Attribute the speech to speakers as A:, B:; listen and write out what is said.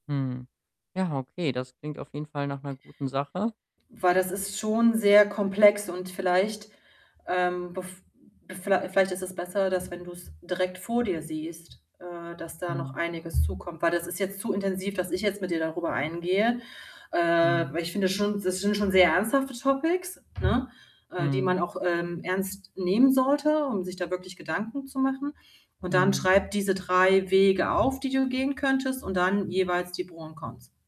A: Hm, ja, okay, das klingt auf jeden Fall nach 'ner guten Sache
B: Weil das ist schon sehr komplex und vielleicht, ähm, bev viellei vielleicht ist es besser, dass wenn du's direkt vor dir siehst, äh, dass da noch
A: Mhm.
B: einiges zukommt. Weil das ist jetzt zu intensiv, dass ich jetzt mit dir darüber eingehe. Äh,
A: Mhm.
B: weil ich finde schon, das sind schon sehr ernsthafte Topics, ne, äh, die
A: Mhm.
B: man auch, ähm, ernst nehmen sollte, um sich da wirklich Gedanken zu machen und dann
A: Mhm.
B: schreib diese 3 Wege auf, die du gehen könntest und dann jeweils die Pro und Cons.